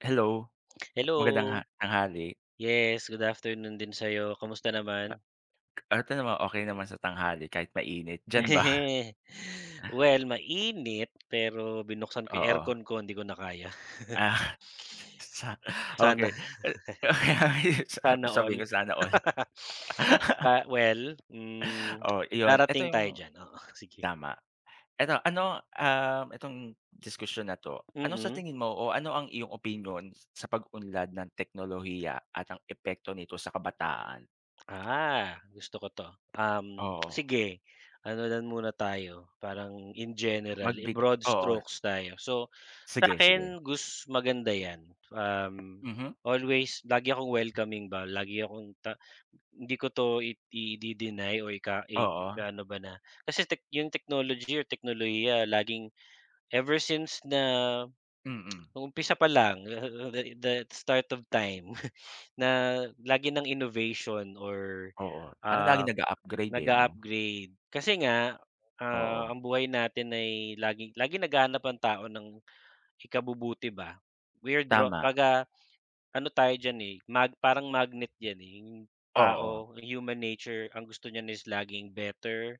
Hello, magandang ha Hello! tanghali! Yes good afternoon din sa 'yo, kumusta naman? Eto naman okey naman sa tanghali, kahit mainit, diyan ba? Well mainit, pero binuksan ko 'yung Oo. aircon ko hindi ko na kaya. Ah, sa Sana. okey. Ah okey, Sana okey. Sabihin all. ko sana all. Ah, well, mm, O iyon eto darating tayo yung diyan, oo, sige. tama. Eto ano, ah, itong diskusyon na 'to, ano sa Mm. tingin mo o ano ang iyong opinyon sa pag-unlad ng teknolohiya at ang epekto nito sa kabataan? Ah, gusto ko 'to, um, Oo. sige ano lang muna tayo parang in general, Magbid i-broad Oo, strokes tayo. So Sige, sige. sa'kin gus maganda 'yan, um, Mhm. always lagi akong welcoming ba, lagi akong ta hindi ko 'to idi-de-deny or ika Oo. ikaano ba na. Kasi tech 'yong technology or teknolohiya laging ever since na, Mm. nung umpisa pa lang, the the the start of time, na lagi ng innovation or Oo, parang ah, laging nag-u-upgrade eh no. naga-upgrade, kasi nga, ah, Oo. ang buhay natin ay laging laging naghahanap ang tao ng ikabubuti ba. Weirdo Tama. 'pag, ah, ano tayo diyan eh, mag parang magnet diyan eh yung Oo. tao, human nature ang gusto niyan is laging better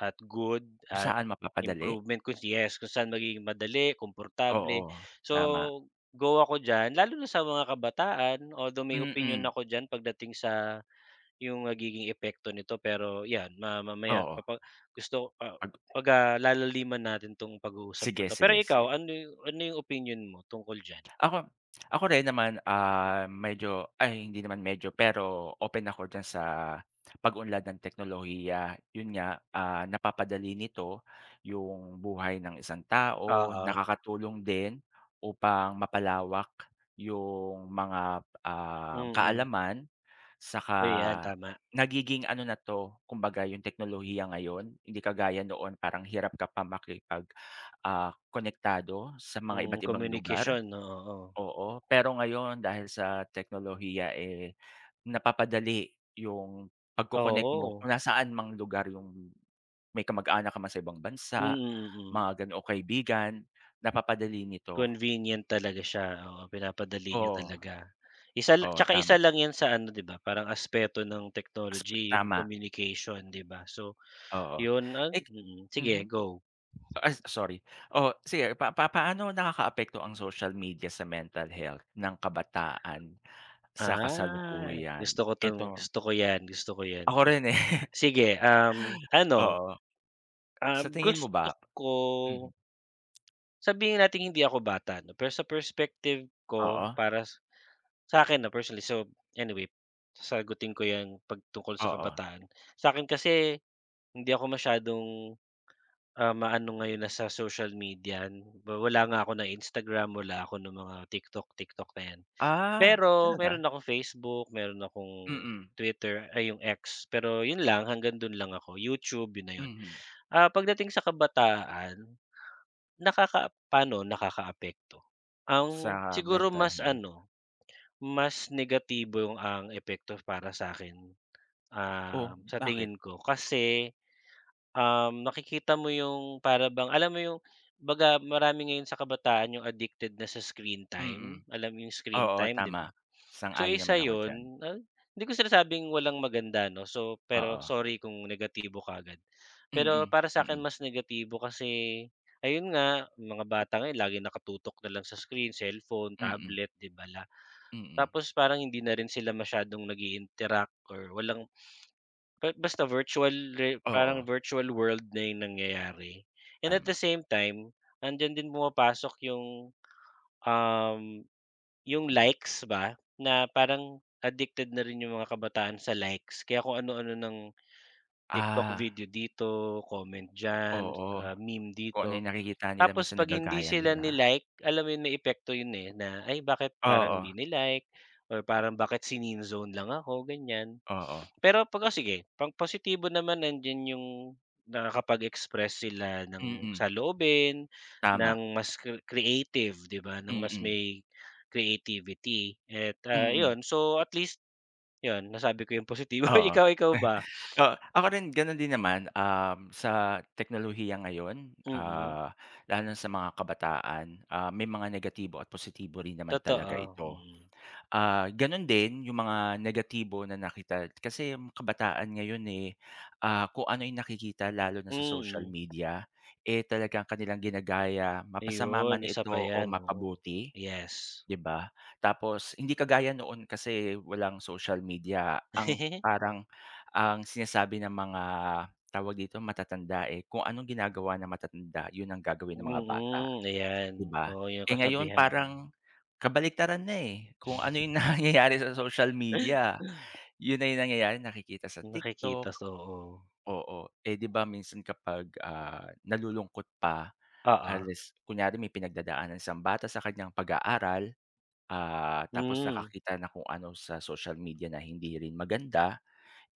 at good Kung at saan mapapadali. improvement kung yes, kung saan magiging madali, komportable. Oo, So tama. go ako diyan, lalo na sa mga kabataan, although may opinyon Mm. ako diyan pagdating sa 'yong nagiging epekto nito, pero 'yan ma mamaya Oo. papag gusto ko, ah, pag, ah, lalaliman natin itong pag-uusap na Sige, ito. Pero sige, sige. ikaw ano 'yong ano 'yong opinyon mo tungkol diyan? Ako ako rin naman ah medyo ay hindi naman medyo pero open ako diyan sa pag-unlad ng teknolohiya. Yun nga, ah, napapadali nito yung buhay ng isang tao, Oo. nakakatulong din upang mapalawak yung mga, ah, Mm. kaalaman, saka O 'yan, tama. nagiging ano na 'to kumbaga yung teknolohiya ngayon hindi kagaya noon parang hirap ka pa makipag, ah, konektado sa mga Mm, iba't ibang lugar, communication, oo. oo. Pero ngayon dahil sa teknolohiya eh napapadali yung pag-co-connect mo Oo. kung nasaan mang lugar yung may kamag-anak ka man sa ibang Mm, bansa, mm. mga ganoong kaibigan, napapadali nito. Convenient talaga siya, oo. Pinapadali niya Oo. talaga. Isa lang Oo, 'tsaka isa tama. lang 'yan sa ano 'di ba parang aspeto ng technology, 'yong Tama. communication 'di ba. So Oo. 'yon ah Eh mm. Sige mhm. go. Ay sorry. Oh sige, pa pa paano nakakaapekto ang social media sa mental health ng kabataan sa Ah. kasalukuyan? Gusto ko 'tong Eto gusto ko 'yan gusto ko 'yan. Ako rin eh. Sige, um, ano Oo. um, Sa tingin mo ba? gusto ko Mhm. Sabihin nating hindi ako bata 'no, pero sa perspective ko Oo. para sa'kin 'no, personally, so anyway sasagutin ko 'yan 'pag tungkol sa Oo. kabataan. Sa'kin kasi hindi ako masyadong, ah, ma-ano ngayon na sa social media. Wala nga ako na Instagram, wala ako ng mga TikTok, TikTok na yan. Ah, Pero meron talaga. akong Facebook, meron akong Mm. Twitter, ay yung X, pero yun lang hanggang dun lang ako, YouTube 'yun na yun. Mhm. Ah, pagdating sa kabataan nakaka pa'no nakakaapekto, ang Sa siguro mental mas health. ano, mas negatibo ang epekto para sa'kin, um, Oh, sa bakit? tingin ko kasi, um, nakikita mo 'yong para bang alam mo 'yong baga marami ngayon sa kabataan 'yong addicted na sa screen time, Mm. alam mo 'yong screen Oo time, 'di tama. ba. So Sang-ayon naman isa ako diyan. 'yon, ah, hindi ko sinasabing walang maganda 'no. So pero Oo. sorry kung negatibo kaagad. Pero Mm, para sa'kin mm. mas negatibo kasi ayun nga, yung mga bata ngayon laging nakatutok na lang sa screen, cellphone, Mm. tablet, 'di ba la Mm. Tapos parang hindi na rin sila masyadong nag-i-interact or walang kahit basta virtually, parang Oo. virtual world na yung nangyayari. And at the Tama. same time, nandiyan din pumapasok 'yong, um, 'yong Mhm. likes ba na parang addicted na rin 'yong mga kabataan sa likes, kaya kung ano-ano ng TikTok Ah. video dito, comment diyan, Oo. ah, meme Kung ano yung dito. nakikita nila Tapos minsan 'pag hindi nagagaya sila nila. ni-like alam mo 'yon, may epekto 'yon eh na, ay bakit parang Oo. 'di ni-like or parang bakit si-neen-zone lang ako, ganyan. Oo. Pero 'pag, o sige pang positibo naman. Nandiyan 'yong nakakapag-express sila ng Mm. saloobin, ng Tama. mas cre creative, 'di ba, ng mas Mm. may creativity at ah, Mm. 'yon so at least 'yon, nasabi ko 'yong positibo. Oo, Ikaw ikaw ba? oo. Ako rin ganun din naman, um, sa teknolohiya ngayon, Mm. ah, lalo na sa mga kabataan, ah, may mga negatibo at positibo rin naman talaga Totoo, ito. mhm. Ah, ganun din yung mga negatibo na nakita. Kasi ang kabataan ngayon eh, ah, kung ano yung nakikita lalo na sa social Mm. media, eh talagang kanilang ginagaya, mapasama Iyon, man isa ito pa o 'yan, oo. mapabuti, Yes. 'di ba? Tapos hindi kagaya noon, kasi walang social media ang parang ang sinasabi ng mga tawag dito matatanda eh, kung anong ginagawa ng matatanda 'yon ang gagawin ng mga bata, Mm, ayan. 'di ba. Oo yung Eh ngayon kasabihan. parang kabaliktaran na eh. Kung ano yung nangyayari sa social media, 'yon na yung nangyayari, nakikita sa Yung nakikita TikTok, so, oo. oo. Eh 'di ba minsan kapag, ah, nalulungkot pa, Oo. unless kunyare may pinagdadaanan isang bata sa kanyang pag-aaral, ah, tapos Hmm. nakakita ng kung ano sa social media na hindi rin maganda,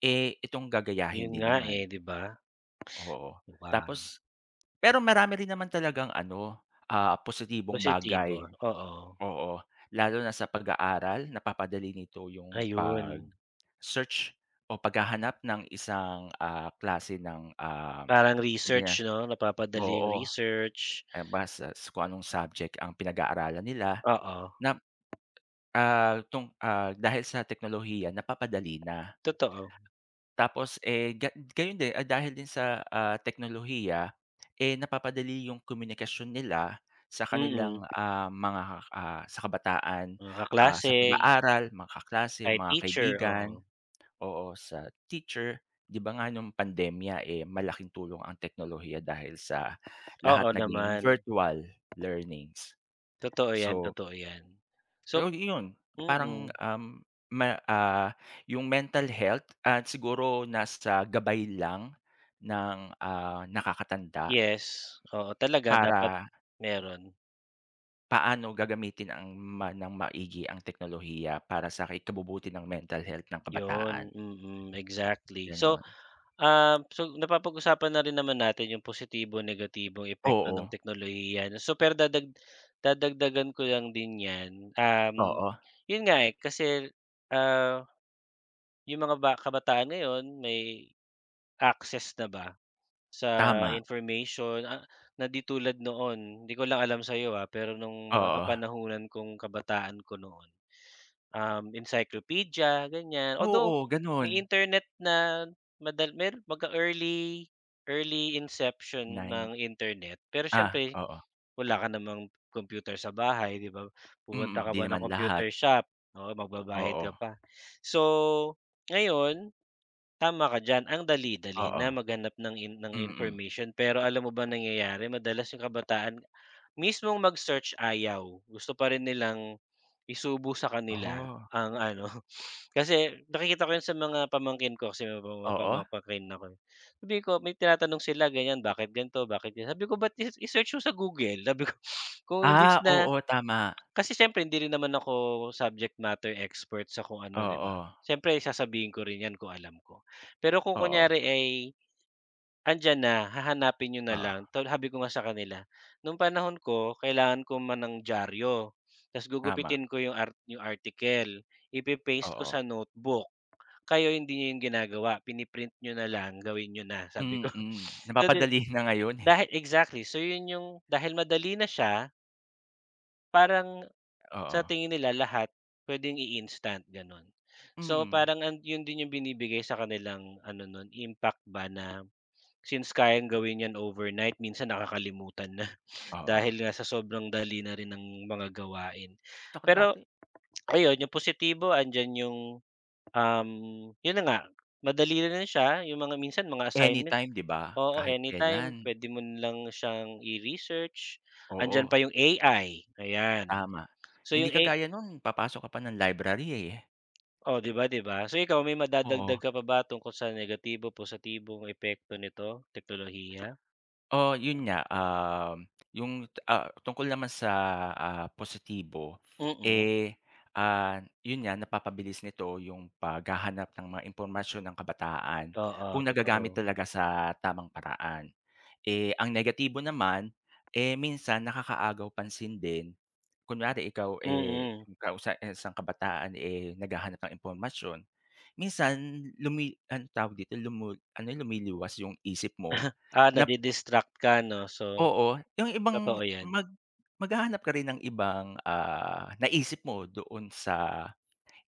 eh itong gagayahin 'Yon din nga naman, eh, oo. 'di ba. Oo. Mukhang Tapos pero marami rin naman talagang ano ah, positibong Positibo, bagay, oo. oo. Lalo na sa pag-aaral, napapadali nito 'yong Ayun. pag-search o paghahanap ng isang, ah, klase ng, um, Parang research 'no. Napapadali yung oo. research. Eh basta kung anong subject ang pinag-aaralan nila Oo. na, ah, tung ah dahil sa teknolohiya napapadali na. Totoo. Tapos eh, ga gayon din, ah, dahil din sa, ah, teknolohiya eh napapadali yung komunikasyon nila sa kanilang Mm. ah, mga ah, sa kabataan, Mga ah kaklase. sa pag-aaral, mga kaklase, Kahit mga teacher, kaibigan, oo. oo, sa teacher. 'Di ba nga nung pandemya eh malaking tulong ang teknolohiya dahil sa lahat Oo naging naman. virtual learnings. Totoo yan, So totoo yan. So Ay iyon. Parang mm. ah, ma ah, yung mental health at siguro nasa gabay lang ng ah, nakakatanda. Yes. Oo talaga dapat Para meron. Paano gagamitin ang ma nang maigi ang teknolohiya para sa ikabubuti ng mental health ng kabataan? 'Yon, mm exactly. So, Gano'n. um, so napapag-usapan na rin naman natin 'yong positibong negatibong epekto ng Oo. teknolohiya. Super dadag dadagdagan ko lang din 'yan, um, Oo. 'yon nga eh, kasi, ah, 'yong mga ba kabataan ngayon may access na ba sa Tama. information ah, na di tulad noon. 'Di ko lang alam sa 'yo ah, pero no'ng mga Oo. kapanahunan kong kabataan ko noon, um, encyclopedia, ganyan. Although Oo, may ganun. Internet na madal meron mag-e-early, early inception Nine, ng Internet. Pero ah siyempre oo. wala ka namang computer sa bahay 'di ba, pupunta Mm, ka 'di pa ng naman lahat. computer shop, oo, magbabayad ka Oo. pa. So ngayon tama ka diyan ang dali-dali Oo. na maghanap ng in ng Mm. information pero alam mo ba nangyayari madalas 'yong kabataan mismong mag-search ayaw, gusto pa rin nilang isubo sa kanila Ooh. ang ano. Kasi nakikita ko 'yon sa mga pamangkin ko kasi may Oo. pamangkin ako eh, ako sabi ko may tinatanong sila ganyan bakit ganito, bakit sabi ko ba't i i-search niyoo sa Google sabi ko. Kung imbes Ah, na oo tama. kasi siyempre hindi rin naman ako subject matter expert sa kung ano 'di ba Oo. siyempre sasabihin ko rin yan kung alam ko. Pero kung Oo. kunyari ay, andiyan na hahanapin niyo na lang. Oo. Tol sabi ko nga sa kanila noong panahon ko kailangan ko ma ng diaryo ta's Tama. gugupitin ko 'yong art 'yong article, i-pe-paste ko Oo. sa notebook kayo hindi niyo 'yon ginagawa pina-print niyo na lang gawin niyo na sabi ko. Mm. So, di Napapadali na ngayon eh. dahil exactly so 'yon 'yong dahil madali na siya parang sa Oo. tingin nila lahat pwedeng i-instant, gano'n. So Mm. parang an 'yon din 'yong binibigay sa kanilang ano no'n impact ba na, since kayang gawin 'yan overnight minsan nakakalimutan na, Oo. dahil nga sa sobrang dali na rin ng mga gawain. Saka Pero, dati ayun 'yong positibo, andiyan 'yong, um, 'yon na nga, madali na siya, 'yong mga minsan mga assignment, Anytime 'di ba? oo Kahit anytime kailan. puwede mo lang siyang i-research. Andiyan Oo. pa 'yong AI, ayan. Tama. So Hindi 'yong A kagaya no'n papasok ka pa ng library eh. O 'di ba 'di ba? So ikaw may Oo. madadagdag ka pa ba, tungkol sa negatibo, positibong epekto nito, teknolohiya? Oo 'yon nga. Um, 'yong ah, tungkol naman sa ah, positibo Mm. eh, ah, 'yon nga napapabilis nito 'yong paghahanap ng mga impormasyon ng kabataan, Oo, kung nagagamit totoo. talaga sa tamang paraan. Eh, ang negatibo naman, eh minsan nakakaagaw pansin din, kunwari ikaw eh, Mm. 'kaw sa isang kabataan eh naghahanap ng impormasyon, minsan lumi anong tawag dito lumul lumiliwas 'yong isip mo Ah, nap nadi-distract ka 'no, so Oo yung ibang totoo yan. mag maghahanap ka rin ng ibang ah, naisip mo doon sa,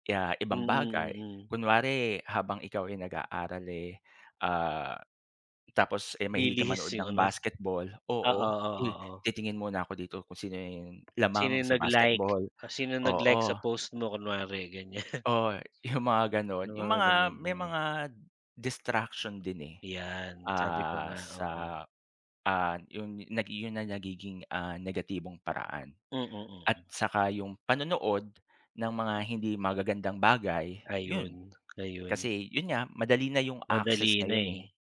kaya ibang Mm, bagay. mm. Kunware habang ikaw ay nag-aaral eh, ah, tapos eh mahilig ka Lilihis manood 'yong ng ano. basketball, oo. Oo, Uy oo, o. titingin muna ako dito kung sino yung Sino lamang yung sa nag-like, basketball, o sinong nag-like sa oo. post mo kunware, ganyan. Oo eh, 'yong mga gano'n. Ng 'Yong mga mga, ganyan. may Mm. mga distraction din eh, 'Yan, sabi ko ah nga, sa, oo. ah, 'yon 'yon na nagiging ah, negatibong paraan Mm, at mm. saka 'yong panonood ng mga hindi magagandang bagay, 'yon. Ayun, ayun. Kasi 'yon nga madali na 'yong access Madali na ngayon eh, eh.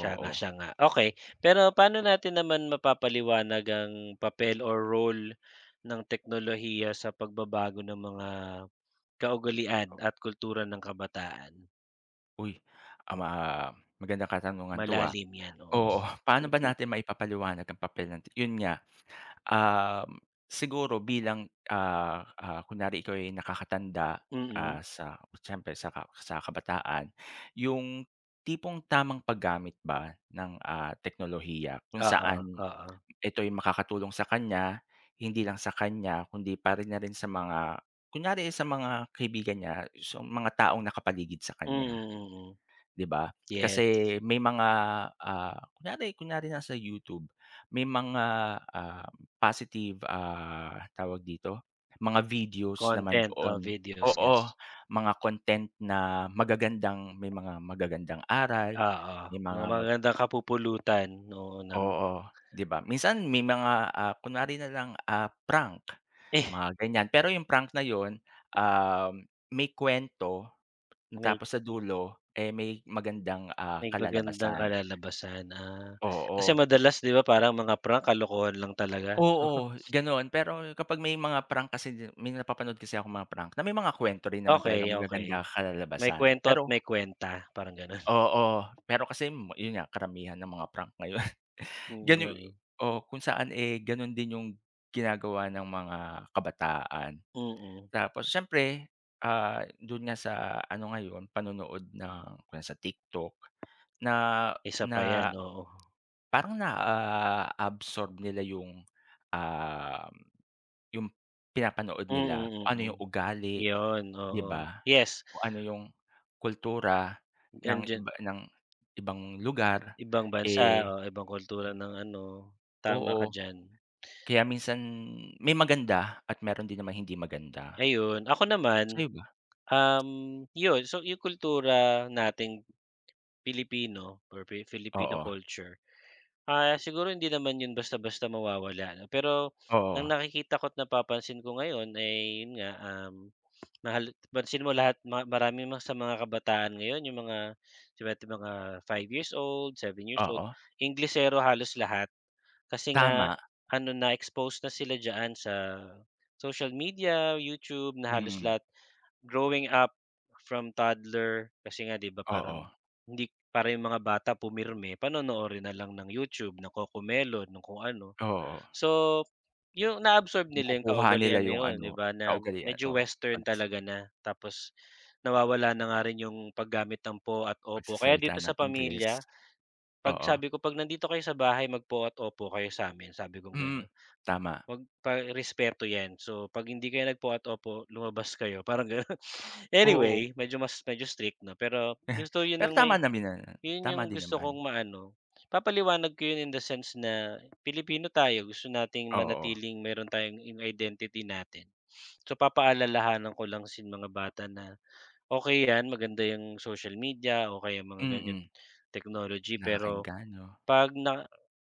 Siya nga, oo. siya nga. Okey, pero paano natin naman mapapaliwanag ang papel or role ng teknolohiya sa pagbabago ng mga kaugalian O. at kultura ng kabataan? Uy, ah, ma magandang katanungan 'to ah. Malalim yan, oo. Oo paano ba natin maipapaliwanag ang papel ng tech 'yon nga. Ah, siguro bilang, ah, ah, kunyari ikaw ay nakakatanda ah Mm. sa siyempre sa sa kabataan. 'Yong tipong tamang paggamit ba ng ah, teknolohiya kung Oo, saan oo. ito'y makakatulong sa kanya, hindi lang sa kanya kundi para na rin sa mga kunyari sa mga kaibigan niya, sa mga taong nakapaligid sa kanya, Mm, mm. 'di ba. Yes. Kasi may mga ah, kunyari kunyari nasa YouTube, may mga ah positive ah tawag dito mga videos naman Content o doon, videos, oo yes. mga content na magagandang may mga magagandang aral Oo, may mga mga mag magagandang kapupulutan. Oo na Oo 'di ba. Minsan may mga ah, kunwari nalang ah, prank, Eh. mga ganyan. Pero yung prank na yun, um, may kwento May tapos sa dulo, eh may magandang ah May magandang kalalabasan. kalalabasan, ah. Kasi Oo. madalas 'di ba parang mga prank, kalokohan lang talaga, 'no. Oo, ganun. Pero kapag may mga prank kasi may napapanood kasi akong mga prank na may mga kwento rin naman talagang Okey, okey, magagandang may kalalabasan, kuwento at pero may kuwenta, parang gano'n. Oo. Pero kasi 'yon nga karamihan ng mga prank ngayon. Oo nga Ganu eh. oo kung saan eh, gano'n din 'yong ginagawa ng mga kabataan. Mm. Tapos siyempre ah, do'n nga sa ano ngayon panonood ng kung sa TikTok na Isa pa yan, na, oo. parang na-a-absorb nila yung, um, yung pinapanood nila. Kung Mm, ano mm, yung ugali 'yon 'di oo. ba, Yes! kung ano yung kultura ng Andiyan iba ng ibang lugar Ibang bansa eh o ibang kultura ng ano. Tama ka Oo. diyan. Kaya minsan may maganda at meron din namang hindi maganda. Ayun. Ako naman, Sa'yo ba? um, yun so yung kultura nating Pilipino or Fi Filipino Oo. culture, ah siguro hindi naman yun basta-basta mawawala 'no. Pero Oo. ang nakikita ko't napapansin ko ngayon, ay yun nga, um, mahal pansin mo lahat ma marami ma sa mga kabataan ngayon yung mga seven mga five years old, seven years old, Oo. Inglesero halos lahat. Kasi nga Tama. ano, na-exposed na sila diyan sa social media, YouTube, na halos Mm. lahat growing up from toddler kasi nga 'di ba parang Oo. hindi para 'yong mga bata pumirme, panonoorin na lang ng YouTube, ng Cocomelon, ng kung ano. Oo. So 'yong na-absorb nila 'yong Makukuha nila kaugalian na yung 'yon 'di ano, ba, na kaugalian, medyo oo Western pag talaga na. Tapos nawawala na nga rin 'yong paggamit ng po at opo, kaya dito Pagsasalita sa ng Ingles. pamilya, 'pag Oo. sabi ko 'pag nandito kayo sa bahay mag-po at opo kayo saamin sabi kong Mm. gano'n. Tama. Mag pa respeto 'yan, so 'pag hindi kayo nag-po at opo, lumabas kayo, parang gano'n. Oo. Anyway, medyo mas, medyo strict na, pero gusto 'yon Pero ng may tama namin na, 'yon tama 'yong din gusto naman. kong maano papaliwanag ko 'yon in the sense na Pilipino tayo gusto nating Oo. manatiling mayroon tayong 'yong identity natin. So papaalalahanan ko lang si yung mga bata na okey 'yan maganda 'yong social media o kaya mga ganyan Mm. technology, pero Nakakaenganyo. 'pag na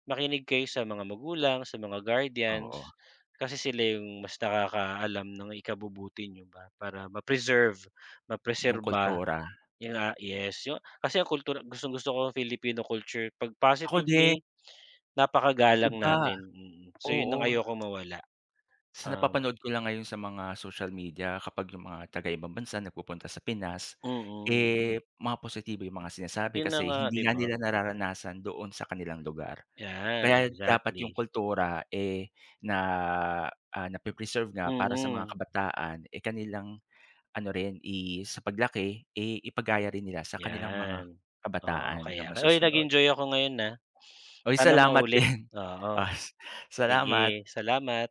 makinig kayo sa mga magulang sa mga Oo. guardians kasi sila yung mas nakakaalam ng ikabubuti niyo ba. Para ma-preserve, Yung mapreserba, kultura. 'yun nga, yes yu kasi ang kultura gustong-gusto ko nga Filipino culture 'pag Ako din. positively napaka-galang Iba. natin. So 'yon ang Oo. ayokong mawala. Sa Um napapanood ko lang ngayon sa mga social media, kapag yung mga taga-ibang bansa nagpupunta sa Pinas, Mm. eh mga positibo yung mga sinasabi. 'Yon na Kasi nga, hindi 'di nga ba. nila nararanasan doon sa kanilang lugar. 'Yan, Kaya dapat 'yong exactly. kultura eh na ah, nape-preserve nga para sa mga Mm. kabataan eh kanilang ano rin i sa paglaki, eh ipagaya rin nila sa kanilang mga 'Yan. Oo kabataan na kaya. Uy, masusunod. nag-enjoy ako ngayon ah. Uy Sana salamat maulit, din. oo. Os Salamat! Sige salamat!